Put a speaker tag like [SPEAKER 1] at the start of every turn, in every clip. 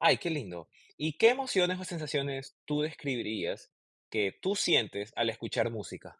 [SPEAKER 1] Ay, qué lindo. Y, ¿qué emociones o sensaciones tú describirías que tú sientes al escuchar música?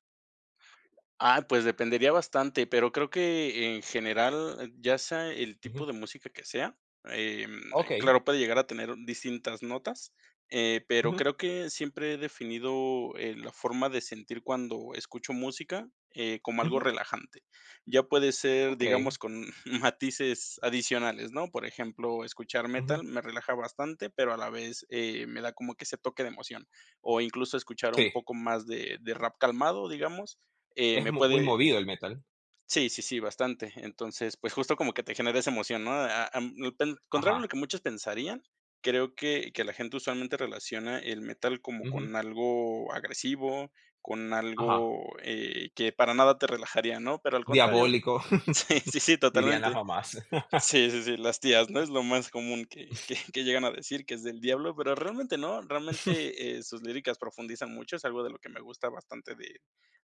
[SPEAKER 2] Ah, pues, dependería bastante, pero creo que, en general, ya sea el
[SPEAKER 1] Ujú.
[SPEAKER 2] tipo de música que sea, em,
[SPEAKER 1] Okey.
[SPEAKER 2] claro, puede llegar a tener un distintas notas, eh, pero
[SPEAKER 1] Ujú.
[SPEAKER 2] creo que siempre he definido, eh, la forma de sentir cuando escucho música, eh, como algo
[SPEAKER 1] Ujú.
[SPEAKER 2] relajante. Ya puede ser, digamos,
[SPEAKER 1] Okey.
[SPEAKER 2] con matices adicionales, ¿no?, por ejemplo, escuchar
[SPEAKER 1] Ujú.
[SPEAKER 2] metal me relaja bastante, pero a la vez, eh, me da como que ese toque de emoción, o incluso escuchar un
[SPEAKER 1] Sí.
[SPEAKER 2] poco más de de rap calmado, digamos, eh,
[SPEAKER 1] Es
[SPEAKER 2] me
[SPEAKER 1] mu muy
[SPEAKER 2] puede
[SPEAKER 1] movido el metal.
[SPEAKER 2] Sí, sí, sí, bastante. Entonces, pues, justo como que te genera esa emoción, ¿no?, ah, am, [unintelligible] contrario a
[SPEAKER 1] Ajá.
[SPEAKER 2] lo que muchos pensarían, creo que que la gente usualmente relaciona el metal como
[SPEAKER 1] Ujú.
[SPEAKER 2] con algo agresivo, con
[SPEAKER 1] Ajá.
[SPEAKER 2] algo, eh, que para nada te relajaría, ¿no?, pero al contrario
[SPEAKER 1] Diabólico.
[SPEAKER 2] Sí, sí, sí,
[SPEAKER 1] Dirían las
[SPEAKER 2] totalmente.
[SPEAKER 1] mamás.
[SPEAKER 2] Sí, sí, sí, las tías, ¿no? Es lo más común que que que llegan a decir, que es del diablo, pero realmente no, realmente, eh, sus líricas profundizan mucho, es algo de lo que me gusta bastante de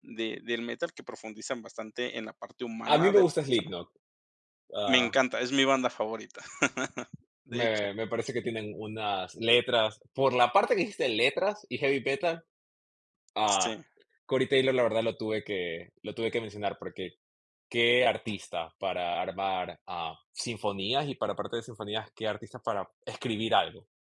[SPEAKER 2] de del metal, que profundizan bastante en la parte
[SPEAKER 1] A mí
[SPEAKER 2] humana
[SPEAKER 1] me
[SPEAKER 2] de las
[SPEAKER 1] gusta
[SPEAKER 2] personas.
[SPEAKER 1] Slipknot.
[SPEAKER 2] Me
[SPEAKER 1] Ah.
[SPEAKER 2] encanta, es mi banda favorita. De hecho.
[SPEAKER 1] Me me parece que tienen unas letras, por la parte que dijiste, "letras y heavy metal", ah,
[SPEAKER 2] Sí.
[SPEAKER 1] Corey Taylor, la verdad, lo tuve que lo tuve que mencionar, porque, qué artista para armar, ah, sinfonías y para, aparte de sinfonías, qué artista para escribir algo.